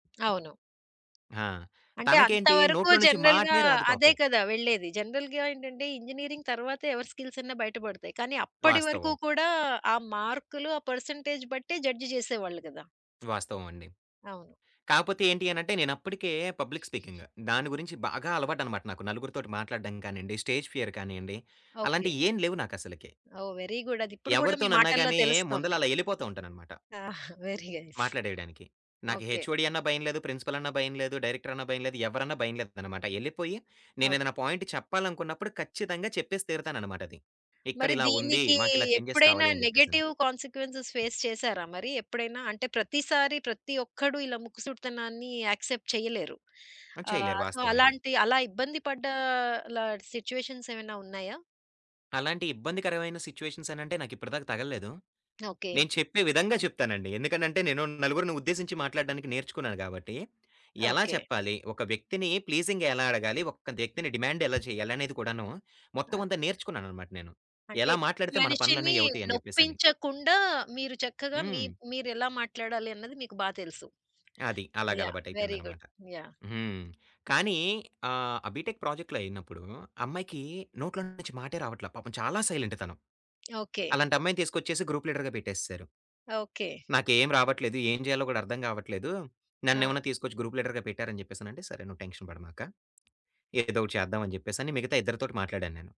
అవును. ఆ! అంటే అంత తనకేంటి వరకు నోట్లో నుంచి జనరల్‌గా మాటనే రాదు అదే పాపం. కదా! వెళ్ళేది. జనరల్‌గా ఏంటంటే ఇంజినీరింగ్ తరువాతే ఎవరి స్కిల్స్ అన్నా బయట బడతాయి. కానీ అప్పటి వరకు వాస్తవం. కూడా ఆ మార్కులు, ఆ పర్సెంటేజ్ బట్టే జడ్జ్ చేసేవాళ్ళు గదా! వాస్తవం అండి. అవును. కాపోతే ఏంటి అనంటే నేనప్పటికే పబ్లిక్ స్పీకింగ్. దాని గురించి బాగా అలవాటన్నమాట నాకు నలుగురితోటి మాట్లాడడం కానియండి, స్టేజ్ ఫియర్ కానియండి, ఓకే. అలాంటియేం లేవు నాకసలకి. ఓహ్! Very good. అదిప్పుడు గూడా మీ ఎవరితోనన్నా మాటల్లో గాని యే ముందల తెలుస్తుంది. అలా ఎళ్ళిపోతూ ఉంటానన్నమాట. ఆహా! Very nice. మాట్లాడేయడానికి. నాకు ఓకే. హెచ్ఓడి అన్నా భయం లేదు. ప్రిన్సిపల్ అన్నా భయం లేదు. డైరెక్టర్ అన్నా భయం లేదు. ఎవరన్నా భయం లేదన్నమాట. ఎళ్ళిపోయి ఓకే. నేనేదైనా పాయింట్ చెప్పాలనుకున్నప్పుడు ఖచ్చితంగా చెప్పేసి తీరుతానన్నమాట అది. మరి ఇక్కడిలా ఉంది. దీనికి మాకిలా చేంజెస్ ఎప్పుడైనా కావాలి అని జెప్పేసని. నెగెటివ్ కాన్సీక్వెన్సెస్ ఫేస్ చేసారా మరి ఎప్పుడైనా? అంటే ప్రతిసారి ప్రతి ఒక్కడు ఇలా ముక్కుసూటితనాన్ని యాక్సెప్ట్ చేయలేరు. ఆ! చేయలేరు ఆహ్, సో, వాస్తవం అది. అలాంటి అలా ఇబ్బంది పడ్డ లా సిట్యుయేషన్స్ ఏమైనా ఉన్నాయా? అలాంటి ఇబ్బందికరమైన సిట్యుయేషన్స్ అనంటే నాకిప్పటి దాకా తగల్లేదు. ఓకే. నేను చెప్పే విధంగా చెప్తానండి. ఎందుకనంటే నేను నలుగురిని ఉద్దేశించి మాట్లాడడానికి నేర్చుకున్నాను గాబట్టి ఎలా ఓకే. చెప్పాలి? ఒక వ్యక్తిని ప్లీజింగ్‌గా ఎలా అడగాలి? ఒక వ్యక్తిని డిమాండ్ ఎలా చేయాలనేది కూడాను మొత్తం అది. అంతా నేర్చుకున్నానన్నమాట నేను. అంటే ఎలా మాట్లాడితే మన మనిషిని పనులన్నవి అవుతాయని జెప్పేసని. నొప్పించకుండా మీరు చక్కగా మీ హ్మ్. మీరెలా మాట్లాడాలి అన్నది మీకు బా తెలుసు. అది. అలాగ యాహ్! Very good. అలవాటయిపోయిందన్నమాట. యాహ్! హ్మ్. కానీ ఆహ్, బీటెక్ ప్రాజెక్ట్‌లో అయినప్పుడు అమ్మాయికి నోట్లో నుంచి మాటే రావట్లే పాపం చాలా సైలెంట్ తను. ఓకే. అలాంటి అమ్మాయిని తీసుకొచ్చేసి గ్రూప్ లీడర్‌గా బెట్టేసేసారు. ఓకే. "నాకేం రావట్లేదు ఏం జేయాలో గూడా అర్థం గావట్లేదు. ఆ! నన్నేమన్నా తీసుకొచ్చి గ్రూప్ లీడర్‌గా పెట్టరు" అని జెప్పేసనంటే, సరే, నువ్వు టెన్షన్ బడమాక. ఏదో ఒకటి చేద్దామని జెప్పేసని మిగతా ఇద్దరితోటి మాట్లాడాను నేను.